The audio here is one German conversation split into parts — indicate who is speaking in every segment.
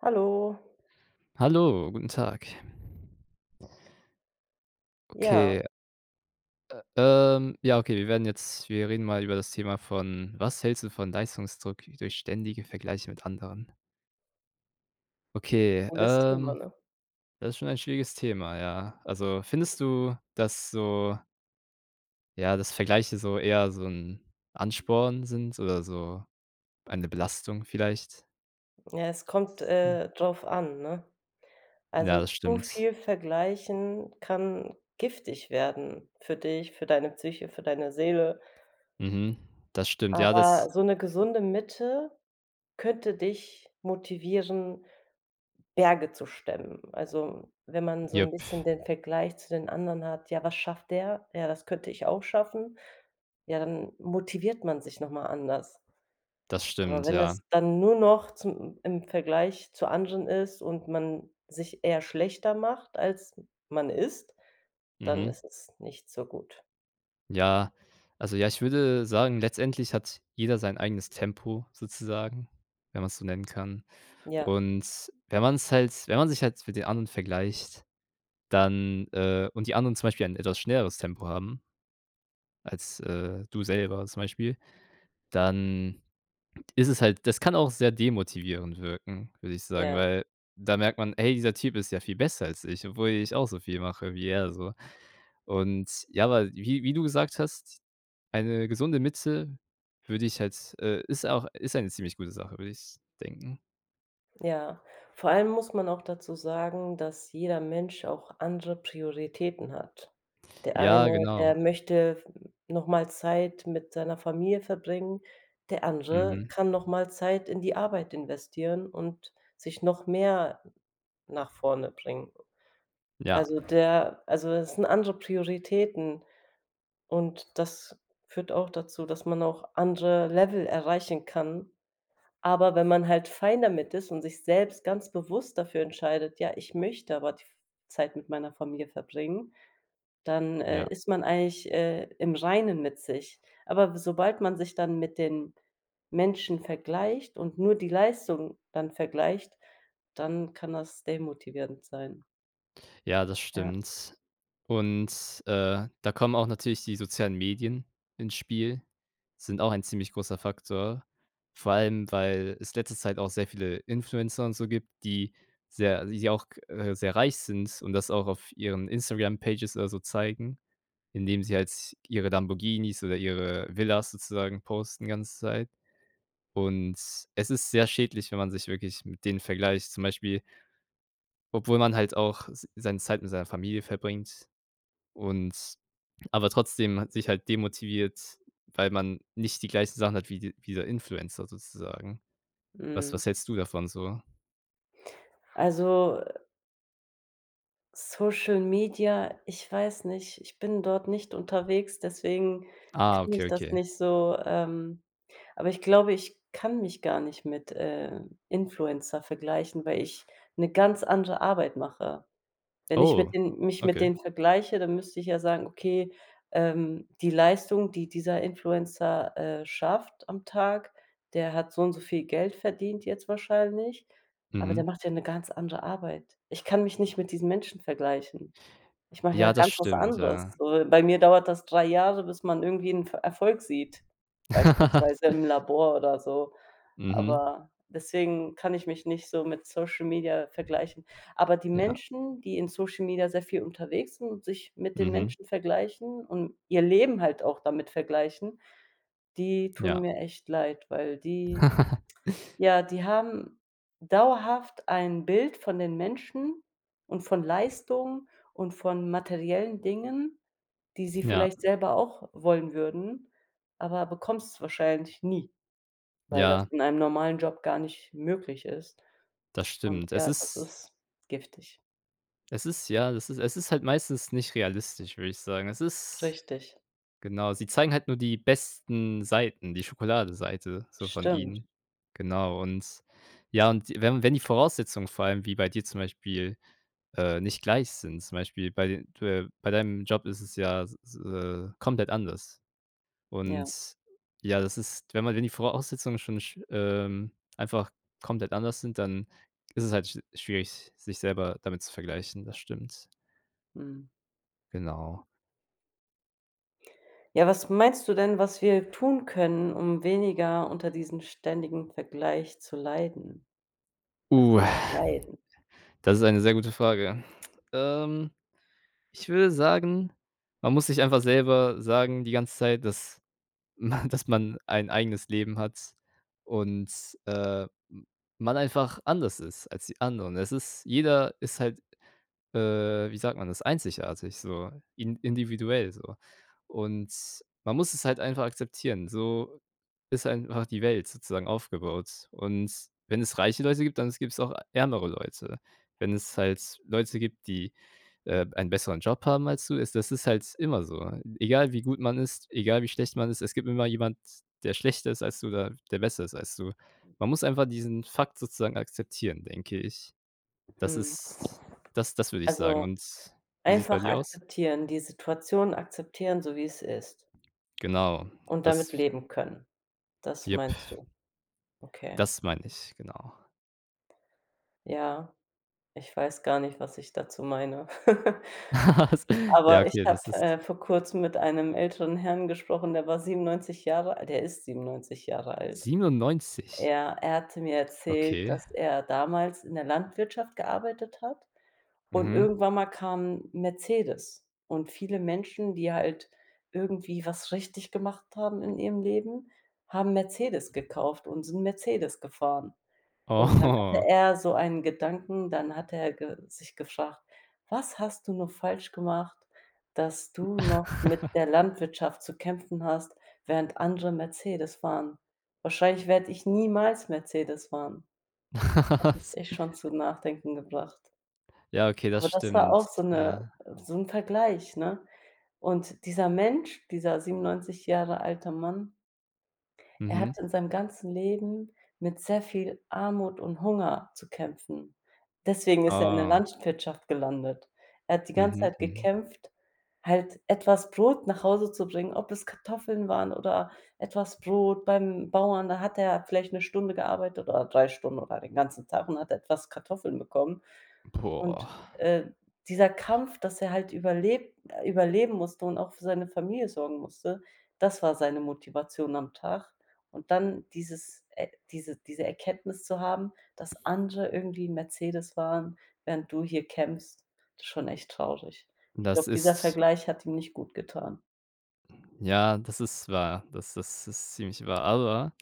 Speaker 1: Hallo.
Speaker 2: Hallo, guten Tag.
Speaker 1: Ja.
Speaker 2: Okay. Ä ähm, ja, okay, wir werden jetzt wir reden mal über das Thema von was hältst du von Leistungsdruck durch ständige Vergleiche mit anderen? Okay,
Speaker 1: Cooles Thema,
Speaker 2: ähm,
Speaker 1: ne?
Speaker 2: das ist schon ein schwieriges Thema, ja. Also, findest du, dass so ja, dass Vergleiche so eher so 'n Ansporn sind oder so eine Belastung vielleicht?
Speaker 1: Ja, es kommt,
Speaker 2: Hm.
Speaker 1: äh, drauf an, ne?
Speaker 2: Ja,
Speaker 1: Also
Speaker 2: das
Speaker 1: zu
Speaker 2: stimmt.
Speaker 1: viel vergleichen kann giftig werden für dich, für deine Psyche, für deine Seele.
Speaker 2: Mhm. Das stimmt, ja, das
Speaker 1: Aber so 'ne
Speaker 2: Ja.
Speaker 1: gesunde Mitte könnte dich motivieren, Berge zu stemmen. Also, wenn man so
Speaker 2: Jup.
Speaker 1: 'n bisschen den Vergleich zu den anderen hat: „Ja, was schafft der? Ja, das könnte ich auch schaffen.” Ja, dann motiviert man sich noch mal anders.
Speaker 2: Das
Speaker 1: Aber
Speaker 2: stimmt,
Speaker 1: wenn
Speaker 2: ja.
Speaker 1: es dann nur noch zum im Vergleich zu anderen ist und man sich eher schlechter macht als man ist, dann
Speaker 2: Mhm.
Speaker 1: ist es nicht so gut.
Speaker 2: Ja, also, ja, ich würde sagen, letztendlich hat jeder sein eigenes Tempo, sozusagen, wenn man's so nennen kann,
Speaker 1: Ja.
Speaker 2: und wenn man's halt wenn man sich halt für die anderen vergleicht, dann äh, und die anderen zum Beispiel ein etwas schnelleres Tempo haben als, äh, du selber zum Beispiel, dann ist es halt das kann auch sehr demotivierend wirken, würde ich sagen,
Speaker 1: Ja.
Speaker 2: weil da merkt man: „Hey, dieser Typ ist ja viel besser als ich, obwohl ich auch so viel mache wie er so.“ Und, ja, aber wie wie du gesagt hast, eine gesunde Mitte würde ich halt äh, ist auch ist eine ziemlich gute Sache, würde ich denken.
Speaker 1: Ja. Vor allem muss man auch dazu sagen, dass jeder Mensch auch andere Prioritäten hat. Der
Speaker 2: Ja,
Speaker 1: eine, der
Speaker 2: genau.
Speaker 1: möchte, hm, noch mal Zeit mit seiner Familie verbringen, der andere
Speaker 2: Mhm.
Speaker 1: kann noch mal Zeit in die Arbeit investieren und sich noch mehr nach vorne bringen.
Speaker 2: Ja.
Speaker 1: Also, der also, es sind andere Prioritäten und das führt auch dazu, dass man auch andere Level erreichen kann, aber wenn man halt fine damit ist und sich selbst ganz bewusst dafür entscheidet: „Ja, ich möchte aber die f Zeit mit meiner Familie verbringen“, dann, äh,
Speaker 2: Ja.
Speaker 1: ist man eigentlich, äh, im Reinen mit sich. Aber s sobald man sich dann mit den Menschen vergleicht und nur die Leistung dann vergleicht, dann kann das demotivierend sein.
Speaker 2: Ja, das
Speaker 1: Ja.
Speaker 2: stimmt, und, äh, da kommen auch natürlich die sozialen Medien ins Spiel, sind auch ein ziemlich großer Faktor, vor allem, weil es letzte Zeit auch sehr viele Influencer und so gibt, die sehr die auch, äh, sehr reich sind und das auch auf ihren Instagram-Pages oder so zeigen, indem sie halt ihre Lamborghinis oder ihre Villen sozusagen posten die ganze Zeit. Und es ist sehr schädlich, wenn man sich wirklich mit denen vergleicht, zum Beispiel Obwohl man halt auch s seine Zeit mit seiner Familie verbringt und aber trotzdem ha sich halt demotiviert, weil man nicht die gleichen Sachen hat wie d wie der Influencer sozusagen. Was
Speaker 1: Mhm.
Speaker 2: was hältst du davon so?
Speaker 1: Also, äh Social Media, ich weiß nicht, ich bin dort nicht unterwegs, deswegen
Speaker 2: Ah,
Speaker 1: kenne
Speaker 2: okay,
Speaker 1: ich das
Speaker 2: okay.
Speaker 1: nicht so. Ähm, aber ich glaube, ich kann mich gar nicht mit, äh, Influencer vergleichen, weil ich 'ne ganz andere Arbeit mache. Wenn ich mit
Speaker 2: Oh,
Speaker 1: den mich mit
Speaker 2: okay.
Speaker 1: denen vergleiche, dann müsste ich ja sagen: „Okay, ähm, die Leistung, die dieser Influencer, äh, schafft am Tag der hat so und so viel Geld verdient jetzt wahrscheinlich, aber der
Speaker 2: Mhm.
Speaker 1: macht ja 'ne ganz andere Arbeit.” Ich kann mich nicht mit diesen Menschen vergleichen, ich mache ja
Speaker 2: Ja, das
Speaker 1: ganz was
Speaker 2: stimmt,
Speaker 1: anderes.
Speaker 2: ja.
Speaker 1: So bei mir dauert das 3 Jahre, bis man irgendwie 'n F Erfolg sieht, beispielsweise im Labor oder so,
Speaker 2: Mhm.
Speaker 1: aber deswegen kann ich mich nicht so mit Social Media vergleichen. Aber die
Speaker 2: Ja.
Speaker 1: Menschen, die in Social Media sehr viel unterwegs sind und sich mit den
Speaker 2: Mhm.
Speaker 1: Menschen vergleichen und ihr Leben halt auch damit vergleichen, die tun
Speaker 2: Ja.
Speaker 1: mir echt leid, weil die ja, die haben dauerhaft ein Bild von den Menschen und von Leistung und von materiellen Dingen, die sie
Speaker 2: Ja.
Speaker 1: vielleicht selber auch wollen würden, aber bekommst's wahrscheinlich nie, weil das
Speaker 2: Ja.
Speaker 1: in einem normalen Job gar nicht möglich ist,
Speaker 2: Das
Speaker 1: und
Speaker 2: stimmt. Es
Speaker 1: ja, das
Speaker 2: ist
Speaker 1: ist giftig.
Speaker 2: Es ist ja, es ist es ist halt meistens nicht realistisch, würde ich sagen. Es ist
Speaker 1: Richtig.
Speaker 2: genau, sie zeigen halt nur die besten Seiten, die Schokoladenseite so von
Speaker 1: Stimmt.
Speaker 2: ihnen, genau, und ja, und wenn wenn die Voraussetzungen vor allem wie bei dir zum Beispiel, äh, nicht gleich sind, zum Beispiel bei äh, bei deinem Job ist es ja s äh, komplett anders.
Speaker 1: Ja.
Speaker 2: Und ja, das ist, wenn man wenn die Voraussetzungen schon sch ähm, einfach komplett anders sind, dann ist es halt sch schwierig, sich selber damit zu vergleichen, das stimmt.
Speaker 1: Mhm.
Speaker 2: Genau.
Speaker 1: Ja, was meinst du denn, was wir tun können, um weniger unter
Speaker 2: Mhm.
Speaker 1: diesem ständigen Vergleich zu leiden?
Speaker 2: Uh.
Speaker 1: Massiv leiden.
Speaker 2: Das ist eine sehr gute Frage. Ähm, ich würde sagen, man muss sich einfach selber sagen die ganze Zeit, dass m dass man ein eigenes Leben hat und, äh, m man einfach anders ist als die anderen. Es ist jeder ist halt, äh, wie sagt man das, einzigartig, so, in individuell, so und man muss es halt einfach akzeptieren, so ist einfach die Welt sozusagen aufgebaut und wenn es reiche Leute gibt, dann s gibt's auch ärmere Leute. Wenn es halt Leute gibt, die, äh, einen besseren Job haben als du es das ist halt immer so. Egal, wie gut man ist, egal, wie schlecht man ist, es gibt immer jemand, der schlechter ist als du oder der besser ist als du. Man muss einfach diesen Fakt sozusagen akzeptieren, denke ich. Das
Speaker 1: Mhm.
Speaker 2: ist das das würde ich sagen
Speaker 1: Also,
Speaker 2: und wie sieht's bei
Speaker 1: einfach
Speaker 2: dir aus?
Speaker 1: akzeptieren die Situation akzeptieren, so wie es ist.
Speaker 2: Genau,
Speaker 1: Und
Speaker 2: das
Speaker 1: damit
Speaker 2: f
Speaker 1: leben können. Das
Speaker 2: Jipp.
Speaker 1: meinst du? Okay.
Speaker 2: Das meine ich, genau.
Speaker 1: Ja, ich weiß gar nicht, was ich dazu meine.
Speaker 2: Was? Ja,
Speaker 1: Aber ich
Speaker 2: okay,
Speaker 1: habe,
Speaker 2: das ist
Speaker 1: äh, vor Kurzem mit einem älteren Herrn gesprochen, der war 97 Jahre alt, der ist 97 Jahre alt.
Speaker 2: 97?
Speaker 1: Er er hatte mir erzählt,
Speaker 2: Okay.
Speaker 1: dass er damals in der Landwirtschaft gearbeitet hat und
Speaker 2: Mhm.
Speaker 1: irgendwann mal kam Mercedes und viele Menschen, die halt irgendwie was richtig gemacht haben in ihrem Leben, haben Mercedes gekauft, und sind Mercedes gefahren. Und dann hatte
Speaker 2: Oh.
Speaker 1: er so einen Gedanken, dann hatte er ge sich gefragt: „Was hast du nur falsch gemacht, dass du noch mit der Landwirtschaft zu kämpfen hast, während andere Mercedes fahren? Wahrscheinlich werde ich niemals Mercedes fahren.“ Das hat mich
Speaker 2: Was?
Speaker 1: echt schon zum Nachdenken gebracht.
Speaker 2: Ja, okay,
Speaker 1: Aber
Speaker 2: das
Speaker 1: das war
Speaker 2: stimmt,
Speaker 1: auch so 'ne
Speaker 2: ja.
Speaker 1: so 'n Vergleich, ne? Und dieser Mensch, dieser 97 Jahre alter Mann er
Speaker 2: Mhm.
Speaker 1: hat in seinem ganzen Leben mit sehr viel Armut und Hunger zu kämpfen. Deswegen ist er in der
Speaker 2: Oh.
Speaker 1: Landwirtschaft gelandet. Er hat die ganze
Speaker 2: Mhm.
Speaker 1: Zeit
Speaker 2: Mhm.
Speaker 1: gekämpft, halt etwas Brot nach Hause zu bringen, ob es Kartoffeln waren oder etwas Brot beim Bauern. Da hat er vielleicht 1 Stunde gearbeitet oder 3 Stunden oder den ganzen Tag und hat etwas Kartoffeln bekommen.
Speaker 2: Hm,
Speaker 1: Und,
Speaker 2: Boah.
Speaker 1: äh, dieser Kampf, dass er halt überleb überleben musste und auch für seine Familie sorgen musste, das war seine Motivation am Tag. Und dann dieses e diese diese Erkenntnis zu haben, dass andere irgendwie Mercedes fahren, während du hier kämpfst, das ist schon echt traurig. Ich
Speaker 2: Das
Speaker 1: glaube, dieser
Speaker 2: ist
Speaker 1: Vergleich hat ihm nicht gutgetan.
Speaker 2: Ja, das ist wahr, das ist ist ziemlich wahr, aber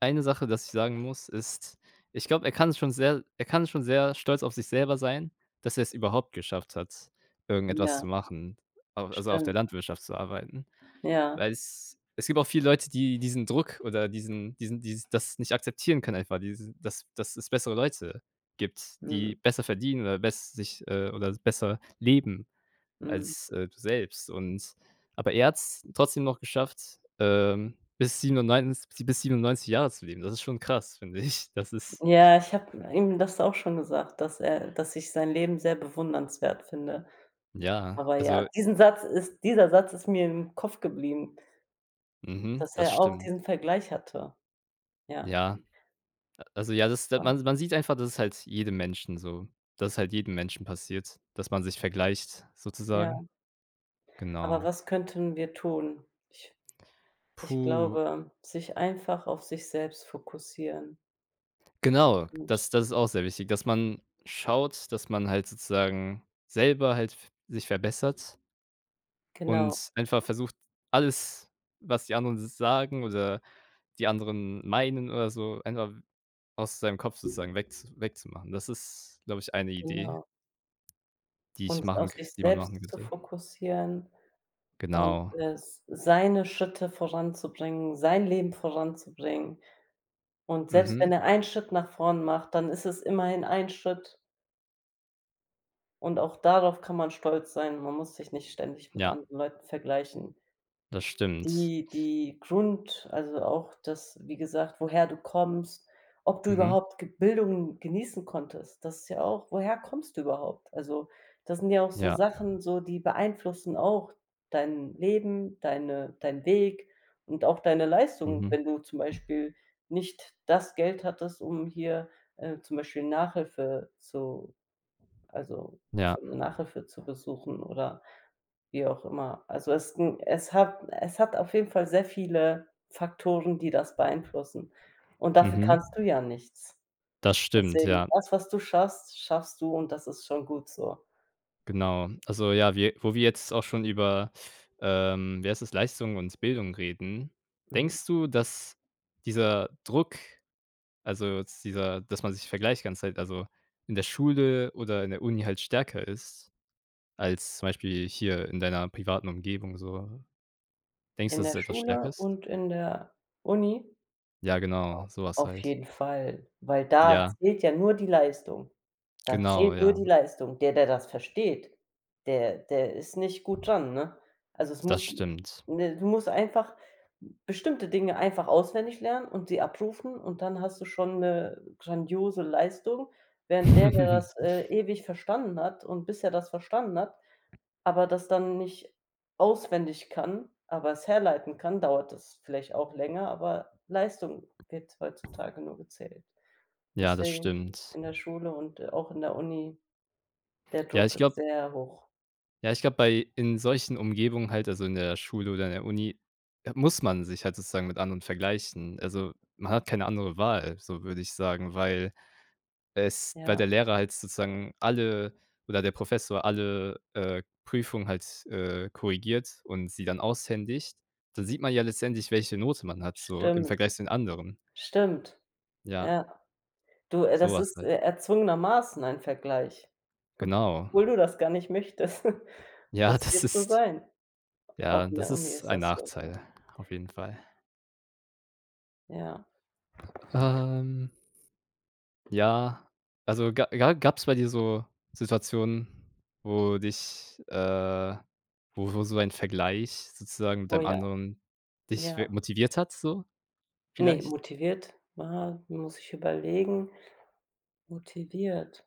Speaker 2: eine Sache, das ich sagen muss, ist ich glaube, er kann schon sehr er kann schon sehr stolz auf sich selber sein, dass er's überhaupt geschafft hat, irgendetwas
Speaker 1: Ja.
Speaker 2: zu machen, a also auf
Speaker 1: Stimmt.
Speaker 2: der Landwirtschaft zu arbeiten.
Speaker 1: Ja.
Speaker 2: Weil es es gibt auch viele Leute, die diesen Druck oder diesen diesen die das nicht akzeptieren können einfach, die dass dass es bessere Leute gibt,
Speaker 1: Mhm.
Speaker 2: die besser verdienen oder bess sich äh, oder besser leben
Speaker 1: Mhm.
Speaker 2: als, äh, du selbst, und aber er hat's trotzdem noch geschafft, ähm, bis 97 bis 97 Jahre zu leben. Das ist schon krass, finde ich. Das ist
Speaker 1: Ja, ich habe ihm das auch schon gesagt, dass äh, dass ich sein Leben sehr bewundernswert finde,
Speaker 2: Ja,
Speaker 1: aber ja,
Speaker 2: also
Speaker 1: diesen Satz ist dieser Satz ist mir im Kopf geblieben
Speaker 2: Mhm,
Speaker 1: dass
Speaker 2: das
Speaker 1: er auch
Speaker 2: stimmt.
Speaker 1: diesen Vergleich hatte. Ja.
Speaker 2: Ja, a also, ja, das
Speaker 1: Ja.
Speaker 2: man man sieht einfach, das ist halt jedem Menschen so dass es halt jedem Menschen passiert, dass man sich vergleicht
Speaker 1: Ja.
Speaker 2: sozusagen.
Speaker 1: Aber
Speaker 2: Genau.
Speaker 1: was könnten wir tun? Ich ich
Speaker 2: Puh.
Speaker 1: glaube, sich einfach auf sich selbst fokussieren.
Speaker 2: Genau,
Speaker 1: Gut.
Speaker 2: das das ist auch sehr wichtig, dass man schaut, dass man halt sozusagen selber halt f sich verbessert
Speaker 1: Genau.
Speaker 2: und einfach versucht, alles, was die anderen so sagen oder die anderen meinen oder so, einfach aus seinem Kopf sozusagen weg wegzumachen. Das ist, glaube ich, eine Idee
Speaker 1: Genau.
Speaker 2: die ich
Speaker 1: Uns auf
Speaker 2: machen k
Speaker 1: sich
Speaker 2: die man machen
Speaker 1: selbst zu
Speaker 2: könnte.
Speaker 1: fokussieren und,
Speaker 2: Genau.
Speaker 1: äh, s seine Schritte voranzubringen, sein Leben voranzubringen, und selbst wenn
Speaker 2: Mhm.
Speaker 1: er einen Schritt nach vorn macht, dann ist es immerhin ein Schritt. und auch darauf kann man stolz sein. Man muss sich nicht ständig mit
Speaker 2: Ja.
Speaker 1: anderen Leuten vergleichen.
Speaker 2: Das stimmt.
Speaker 1: Die die Grund also, auch das, wie gesagt, woher du kommst, ob du
Speaker 2: Mhm.
Speaker 1: überhaupt ge Bildung genießen konntest. Das ist ja auch woher kommst du überhaupt? Also, das sind ja auch so
Speaker 2: Ja.
Speaker 1: Sachen so, die beeinflussen auch dein Leben, deine dein Weg und auch deine Leistung,
Speaker 2: Mhm.
Speaker 1: wenn du zum Beispiel nicht das Geld hattest, um hier, äh, zum Beispiel Nachhilfe zu also, zu
Speaker 2: Ja.
Speaker 1: Nachhilfe zu besuchen oder wie auch immer. Also, es ist 'n es hat es hat auf jeden Fall sehr viele Faktoren, die das beeinflussen und dafür
Speaker 2: Mhm.
Speaker 1: kannst du ja nichts.
Speaker 2: Das stimmt,
Speaker 1: Deswegen,
Speaker 2: ja.
Speaker 1: das, was du schaffst, schaffst du und das ist schon gut so.
Speaker 2: Genau. Also, ja, wir wo wir jetzt auch schon über, ähm, wie heißt es, Leistung und Bildung reden,
Speaker 1: Mhm.
Speaker 2: denkst du, dass dieser Druck, also, jetzt dieser dass man sich vergleicht die ganze Zeit, also, in der Schule oder in der Uni halt stärker ist als zum Beispiel hier in deiner privaten Umgebung so? Denkst du,
Speaker 1: In
Speaker 2: dass es
Speaker 1: der
Speaker 2: etwas stärker
Speaker 1: Schule
Speaker 2: ist?
Speaker 1: und in der Uni?
Speaker 2: Ja, genau, so was
Speaker 1: Auf
Speaker 2: halt.
Speaker 1: jeden Fall, weil da
Speaker 2: Ja.
Speaker 1: zählt ja nur die Leistung. Da
Speaker 2: Genau,
Speaker 1: zählt nur
Speaker 2: ja.
Speaker 1: die Leistung. Der, der das versteht, der der ist nicht gut dran, ne? Also, es
Speaker 2: Das
Speaker 1: muss
Speaker 2: stimmt.
Speaker 1: ne? Du musst einfach bestimmte Dinge einfach auswendig lernen und sie abrufen und dann hast du schon 'ne grandiose Leistung, während der, der das, äh, ewig verstanden hat und bis er das verstanden hat aber das dann nicht auswendig kann, aber es herleiten kann, dauert es vielleicht auch länger, aber Leistung wird heutzutage nur gezählt.
Speaker 2: Ja, das
Speaker 1: Deswegen
Speaker 2: stimmt.
Speaker 1: in der Schule und, äh, auch in der Uni, der
Speaker 2: Ja,
Speaker 1: Druck
Speaker 2: ich
Speaker 1: ist
Speaker 2: glaube
Speaker 1: sehr hoch.
Speaker 2: Ja, ich glaube bei in solchen Umgebungen halt, also, in der Schule oder in der Uni, äh, muss man sich halt sozusagen mit anderen vergleichen, also, man hat keine andere Wahl, so würde ich sagen, weil es weil der
Speaker 1: Ja.
Speaker 2: Lehrer halt sozusagen alle oder der Professor alle, äh, Prüfungen halt, äh, korrigiert und sie dann aushändigt. Da sieht man ja letztendlich, welche Note man hat, so im
Speaker 1: Stimmt.
Speaker 2: Vergleich zu den anderen.
Speaker 1: Stimmt,
Speaker 2: Ja.
Speaker 1: ja, du, äh, das
Speaker 2: Sowas
Speaker 1: ist,
Speaker 2: halt.
Speaker 1: äh, erzwungenermaßen ein Vergleich,
Speaker 2: Genau.
Speaker 1: obwohl du das gar nicht möchtest.
Speaker 2: Ja,
Speaker 1: Das
Speaker 2: das
Speaker 1: wird so
Speaker 2: ist
Speaker 1: sein, a
Speaker 2: ja,
Speaker 1: auch in
Speaker 2: das
Speaker 1: der Uni
Speaker 2: ist
Speaker 1: ist
Speaker 2: ein
Speaker 1: das so, ja.
Speaker 2: Nachteil auf jeden Fall.
Speaker 1: Ja.
Speaker 2: Ähm Ja, also, ga ja, gab's bei dir so Situationen, wo dich äh, wo wo so ein Vergleich sozusagen mit
Speaker 1: Oh
Speaker 2: einem
Speaker 1: ja.
Speaker 2: anderen dich
Speaker 1: Ja.
Speaker 2: wi motiviert hat, so
Speaker 1: Ne,
Speaker 2: vielleicht?
Speaker 1: motiviert, wa muss ich überlegen. Motiviert?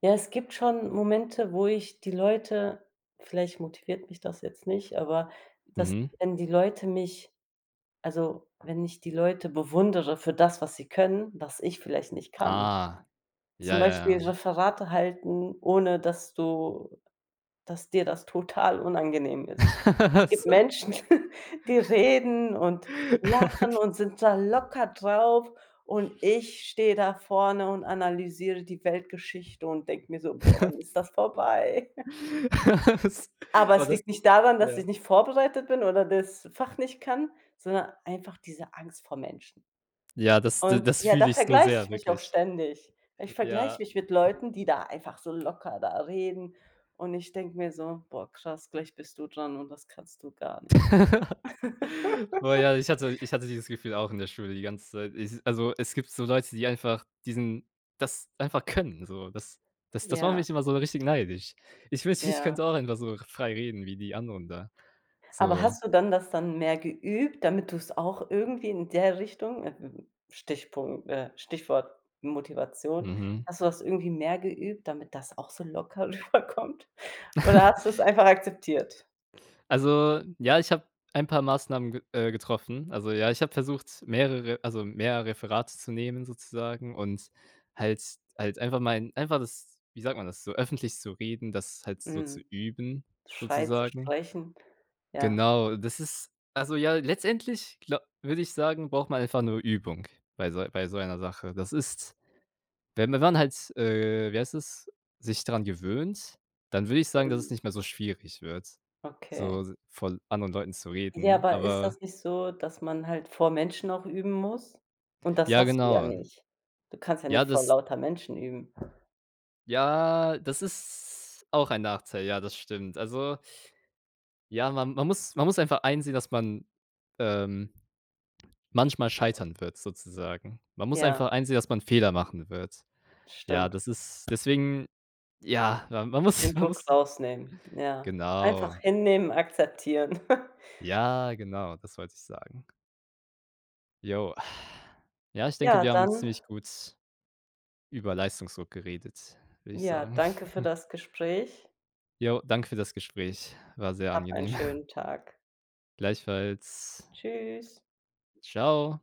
Speaker 1: Ja, es gibt schon Momente, wo ich die Leute vielleicht motiviert mich das jetzt nicht, aber dass,
Speaker 2: Mhm.
Speaker 1: wenn die Leute mich also, wenn ich die Leute bewundere für das, was sie können, was ich vielleicht nicht kann,
Speaker 2: Ah, ja,
Speaker 1: zum
Speaker 2: ja,
Speaker 1: Beispiel
Speaker 2: ja.
Speaker 1: Referate halten, ohne dass du dass dir das total unangenehm ist. Es gibt
Speaker 2: Was?
Speaker 1: Menschen, die reden und lachen und sind da locker drauf, und ich stehe da vorne und analysiere die Weltgeschichte und denke mir so: „Boah, wann ist das vorbei?“
Speaker 2: Was?
Speaker 1: Aber
Speaker 2: Oh,
Speaker 1: es
Speaker 2: das
Speaker 1: liegt nicht daran, dass
Speaker 2: ja.
Speaker 1: ich nicht vorbereitet bin oder das Fach nicht kann, sondern einfach diese Angst vor Menschen.
Speaker 2: Ja, das
Speaker 1: Und,
Speaker 2: das
Speaker 1: ja,
Speaker 2: fühle
Speaker 1: da
Speaker 2: ich so
Speaker 1: vergleiche
Speaker 2: sehr,
Speaker 1: ich mich auch
Speaker 2: wirklich.
Speaker 1: ständig. Ich
Speaker 2: J -ja.
Speaker 1: vergleiche mich mit Leuten, die da einfach so locker da reden, und ich denke mir so: „Boah krass, gleich bist du dran und das kannst du gar nicht.“
Speaker 2: Boah ja, ich hatte ich hatte dieses Gefühl auch in der Schule die ganze Zeit. I also, es gibt so Leute, die einfach diesen das einfach können, so das das das macht
Speaker 1: Ja.
Speaker 2: mich immer so richtig neidisch. Ich wünschte, ich
Speaker 1: Ja.
Speaker 2: könnte auch einfach so frei reden wie die anderen da
Speaker 1: Aber
Speaker 2: so.
Speaker 1: hast du dann das dann mehr geübt, damit du's auch irgendwie in der Richtung, äh, Stichpunkt äh, Stichwort Motivation,
Speaker 2: Mhm.
Speaker 1: hast du das irgendwie mehr geübt, damit das auch so locker rüberkommt, oder hast du's einfach akzeptiert?
Speaker 2: Also, ja, ich habe ein paar Maßnahmen ge äh getroffen, also, ja, ich habe versucht, mehrere also, mehr Referate zu nehmen, sozusagen, und halt halt einfach mal einfach das, wie sagt man das, so öffentlich zu reden, das halt so zu
Speaker 1: Mhm.
Speaker 2: üben,
Speaker 1: Scheu zu
Speaker 2: sozusagen.
Speaker 1: sprechen, ja.
Speaker 2: Genau, das ist also, ja, letztendlich, gla würde ich sagen, braucht man einfach nur Übung bei so bei so einer Sache. Das ist, wenn man dann halt, äh, wie heißt das, sich dran gewöhnt, dann würde ich sagen, dass es
Speaker 1: Mhm.
Speaker 2: nicht mehr so schwierig wird,
Speaker 1: Okay.
Speaker 2: so vor anderen Leuten zu
Speaker 1: Ja,
Speaker 2: reden,
Speaker 1: aber ist
Speaker 2: aber
Speaker 1: das nicht so, dass man halt vor Menschen auch üben muss? Und das
Speaker 2: Ja,
Speaker 1: hast du ja
Speaker 2: genau.
Speaker 1: nicht. Du kannst ja
Speaker 2: Ja,
Speaker 1: nicht vor
Speaker 2: das
Speaker 1: lauter Menschen üben.
Speaker 2: Ja, das ist auch ein Nachteil, ja, das stimmt. Also, ja, man man muss man muss einfach einsehen, dass man, ähm, manchmal scheitern wird, sozusagen. Man muss
Speaker 1: Ja.
Speaker 2: einfach einsehen, dass man Fehler machen wird. Ja,
Speaker 1: Stimmt.
Speaker 2: das ist deswegen, ja, man
Speaker 1: Den
Speaker 2: muss man
Speaker 1: Druck
Speaker 2: muss
Speaker 1: rausnehmen, ja. Einfach
Speaker 2: Genau.
Speaker 1: hinnehmen, akzeptieren.
Speaker 2: Ja, genau, das wollte ich sagen. Jo. Ja, ich denke,
Speaker 1: Ja,
Speaker 2: wir haben
Speaker 1: dann
Speaker 2: ziemlich gut über Leistungsdruck geredet, würde ich
Speaker 1: Ja,
Speaker 2: sagen.
Speaker 1: danke für das Gespräch.
Speaker 2: Jo, danke für das Gespräch, war sehr
Speaker 1: Habe einen
Speaker 2: angenehm.
Speaker 1: schönen Tag.
Speaker 2: Gleichfalls.
Speaker 1: Tschüss.
Speaker 2: Tschau.